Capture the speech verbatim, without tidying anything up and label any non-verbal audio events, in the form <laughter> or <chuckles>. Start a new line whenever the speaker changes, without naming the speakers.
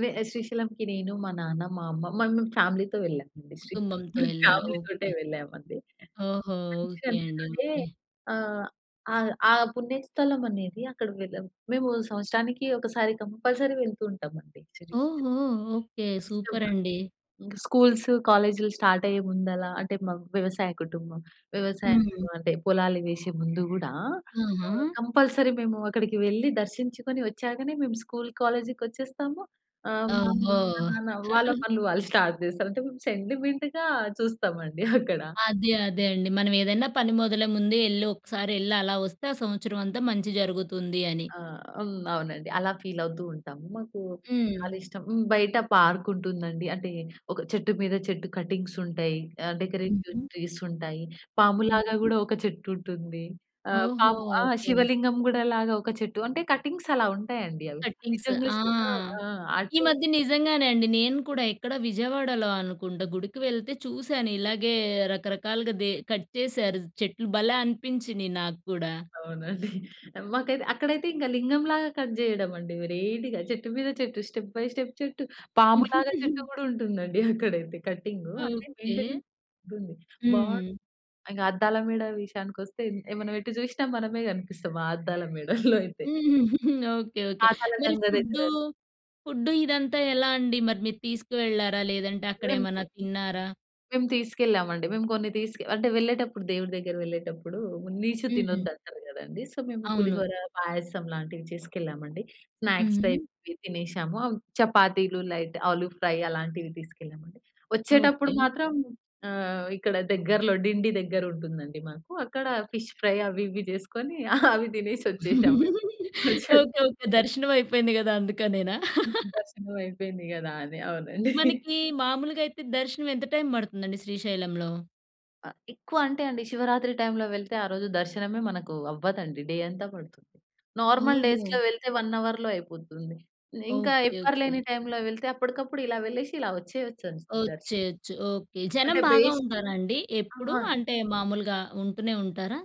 వే శ్రీశైలంకి నేను, మా నాన్న, మా అమ్మ, మమం ఫ్యామిలీతో వెళ్ళామండి శ్రీశైలం హ్మ్.
కుటుంబంతో
<giggles>
ఎళ్లారు.
ఫ్యామిలీతోటే
ఓకే.
వెళ్ళాం అండి,
ఓహో!
మంచిగా
ఓకే అండి.
అనిపిస్తదండి.
ఓకే.
ఆహ్, అ ఆ పుణ్యస్థలం అనేది, అక్కడ వెళ్ళాం. మేము సంవత్సరానికి ఒకసారి కంపల్సరీ వెళ్తూ ఉంటామండి శ్రీశైలం.
ఓహో! ఓకే.
ఇష్టమండి.
సూపరండి.
ఇంకా స్కూల్సు, కాలేజీలు స్టార్ట్ అయ్యే ముందలా, అంటే మా వ్యవసాయ కుటుంబం. వ్యవసాయం
హ్మ్.
అంటే పొలాలు వేసే ముందు కూడా
ఆహా!
ఆహ్, కంపల్సరీ మేము అక్కడికి వెళ్లి దర్శించుకొని, వచ్చాకనే మేము స్కూలు, కాలేజీకి వచ్చేస్తాము. ఆహ్, మా అమ్మ,
ఓహో!
మా నాన్న వాళ్ళ
<chuckles>
పనులు వాళ్ళు స్టార్ట్ చేస్తారు. అంటే సెంటిమెంట్‌గా చూస్తామండి అక్కడ. <giggles>
అదే, అదేండి. మనం ఏదైనా పని మొదలే ముందే ఎళ్ళి ఒకసారి ఎళ్లి అలా వస్తే, ఆ సంవత్సరం అంతా మంచి జరుగుతుంది అని.
ఆ! హ్మ్. అవునండి, అలా ఫీల్ అవుతూ ఉంటాము. మాకు
హ్మ్.
చాలా ఇష్టం, బయట పార్కుంటుందండి. అంటే ఒక చెట్టు మీద చెట్టు కటింగ్స్ ఉంటాయి. ఆ డెకరేటివ్
హుహు.
ట్రీస్ ఉంటాయి. పాములాగా
హుహు.
కూడా ఒక చెట్టు ఉంటుంది. ఆ
ఓహో!
పాము ఆ
ఓకే.
శివలింగం కూడా లాగా ఒక చెట్టు అంటే కటింగ్స్ అలా ఉంటాయండి, అవి
కటింగ్స్.
నిజంగా
ఆ!
శివ ఆ!
ఈ
అది
మధ్య నిజంగానే అండి. నేను కూడా ఎక్కడ విజయవాడలో అనుకుంటా గుడికి వెళ్తే చూశాను. ఇలాగే రకరకాలుగా దె కట్ చేశారు చెట్లు భలే అనిపించినియి నాకు కూడా.
అవునండి. <chuckles> మాకైతే అక్కడైతే ఇంక లింగం లాగా కట్ చేయడం అండి. వెరైటిగా చెట్టు మీద చెట్టు, స్టెప్ బై స్టెప్ చెట్టు పాములాగా, చెట్టు
<chuckles>
కూడా ఉంటుందండి. <giggles> అక్కడైతే కటింగు, అంటే
ఓకే.
మెయింటెనెన్స్ బాగుంది. బా
హ్మ్.
ఇంకా అద్దాల మేడ విషయానికొస్తే, మనం ఎటు జూసినా మనమే కనిపిస్తాం. ఆ అద్దాల మేడల్లో <chuckles> అయితే.
<giggles> ఓకే. ఓకే. మరి
పాతాళగంగ దగ్గర
ఫుడ్డు, ఫుడ్డు ఇదంతా ఎలా అండి. మరి మీరు తీసుకు వెళ్ళారా? లేదంటే
ఏంటి?
అక్కడేమైనా తిన్నారా?
మేము తీసుకెళ్ళామండి. మేము కొన్ని తీసుకు అంటే వెళ్ళేటప్పుడు దేవుడి దగ్గరకి వెళ్ళేటప్పుడు నీచు
హ్మ్.
తినొద్దు అంటారు కదండీ, సో మేము
అవును.
పులిహోర, పాయసం లాంటివి చేసుకెళ్ళామండి. స్నాక్స్
హుహు.
టైప్ తినేసాము, చపాతీలు, లైట్ ఆలు ఫ్రై అలాంటివి తీసుకెళ్ళామండి. వచ్చేటప్పుడు
ఓకే.
మాత్రం, ఆహ్, ఇక్కడ దగ్గరలో డిండి దగ్గర ఉంటుందండి, మాకు అక్కడ ఫిష్ ఫ్రై అవి ఇవి చేసుకొని, అవి తినేసి వచ్చేసామండి.
ఓకే.
కొంసేపు
ఓకే. దర్శనం అయిపోయింది కదా! అందుకనేనా.
దర్శనం అయిపోయింది కదా! అని, అవునండి. <chuckles>
మనకి మామూలుగయితే దర్శనం ఎంత టైమ్ పడుతుందండి శ్రీశైలంలో?
ఆ! ఎక్కువ అంటే అండి, శివరాత్రి టైమ్‌లో వెళ్తే ఆరోజు దర్శనమే మనకు అవ్వదండి, డే అంతా పడుతుంది. నార్మల్
ఓహో!
డేస్‌లో వెళ్తే వన్ అవర్‌ అయిపోతుంది. ఇంకా
ఓకే.
ఎవ్వరు లేని
ఓకే.
టైమ్‌లో వెళ్తే, అప్పటికప్పుడు ఇలా వెళ్ళేసి ఇలా వచ్చేయొచ్చు దర్శనం.
వచ్చేయొచ్చు ఓకే. జనం
అంటే
బాగా
బేస్
ఉంటారండి
ఆ!
ఎప్పుడు,
అండి.
అంటే మామూలుగా ఉంటూనే ఉంటారా?